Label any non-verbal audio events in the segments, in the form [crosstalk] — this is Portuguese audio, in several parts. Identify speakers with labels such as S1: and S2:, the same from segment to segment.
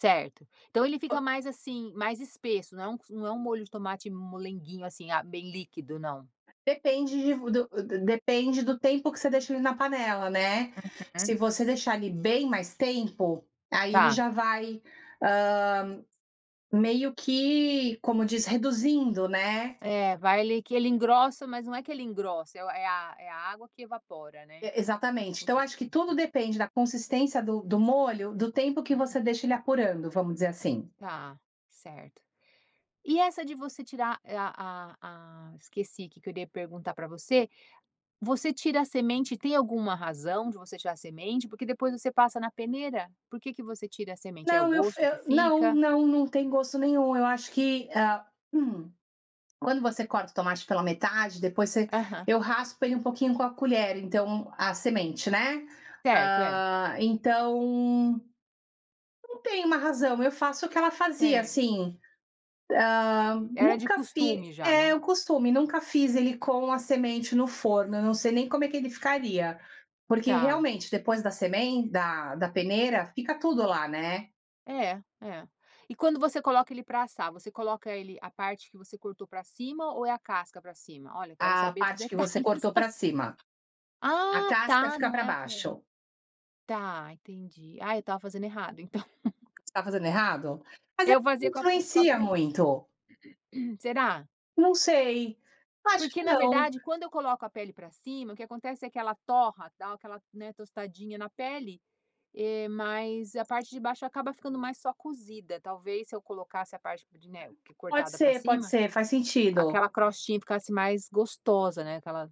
S1: Certo. Então ele fica mais, assim, mais espesso, não é um não é uma molho de tomate molenguinho assim, ah, bem líquido, não.
S2: Depende de v do depende do tempo que você deixa ele na panela, né,
S1: Uhum.
S2: se você deixar ele bem mais tempo, aí ele
S1: Tá.
S2: já vai, hã, meio que, como diz, reduzindo, né.
S1: É, vai ali que ele engrossa, mas não é que ele engrossa é o é a é a água que evapora, né.
S2: E exatamente. Então acho que tudo
S1: [unintelligible]
S2: depende da consistência do do molho, do tempo que
S1: Uhum.
S2: você deixa ele apurando, vamos dizer assim.
S1: Tá, certo. E essa de você tirar e a a a esqueci que eu iria perguntar para você. Você tira a semente, tem alguma razão de você tirar a semente? Porque depois você passa na peneira. Por que que você tira a semente? É o
S2: Não, eu f
S1: gosto que
S2: eu não
S1: fica?
S2: não, não tem gosto nenhum, eu acho que, ah hum. Quando você corta o tomate pela metade, depois você
S1: Aham.
S2: eu raspo ele um pouquinho com a colher, então a semente, né.
S1: Certo, é.
S2: Ah, então não tem uma razão, eu faço o que ela fazia,
S1: Certo.
S2: assim. Ah,
S1: Era de
S2: nunca fiz
S1: costume já,
S2: é,
S1: né.
S2: o costume, nunca fiz ele com a semente no forno, eu não sei nem como é que ele ficaria. Porque
S1: Tá.
S2: realmente, depois da semen da da peneira, fica tudo lá, né.
S1: É, é. E quando você coloca ele para assar, você coloca ele a parte que você cortou para cima ou é a casca para cima? Olha, quero
S2: A
S1: saber dos
S2: parte que você
S1: detalhes.
S2: cortou para cima. A
S1: Ah
S2: casca
S1: está,
S2: fica
S1: não
S2: para
S1: é a pele.
S2: baixo.
S1: Está, entendi. Ah, eu estava fazendo errado, então.
S2: Você tá fazendo errado? Mas é
S1: Eu
S2: que
S1: fazia com a p com a
S2: influencia
S1: pele.
S2: muito.
S1: [clears throat] Será?
S2: Não sei, acho que
S1: Porque na
S2: não.
S1: verdade, quando eu coloco a pele para cima, o que acontece é que ela torra, dá o aquela, né, tostadinha na pele, eh, mas a parte de baixo acaba ficando mais só cozida, talvez se eu colocasse a parte de né,
S2: Pode
S1: cortada para
S2: ser, pode
S1: cima,
S2: ser, faz sentido.
S1: aquela crostinha ficasse mais gostosa, né, aquela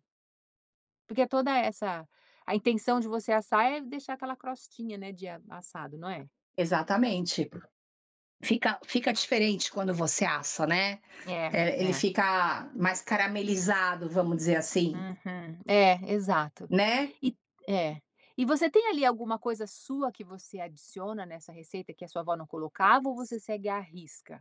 S1: Porque toda essa a intenção de você assar é deixar aquela crostinha, né, de a assado, não é?
S2: Exatamente. Fica fica diferente quando você assa, né.
S1: É,
S2: Eh, ele
S1: é.
S2: fica mais caramelizado, vamos dizer assim.
S1: Uhum. É, exato.
S2: Né.
S1: E É. E você tem, ali, alguma coisa sua que você adiciona nessa receita, que a sua avó não colocava, ou você segue à risca?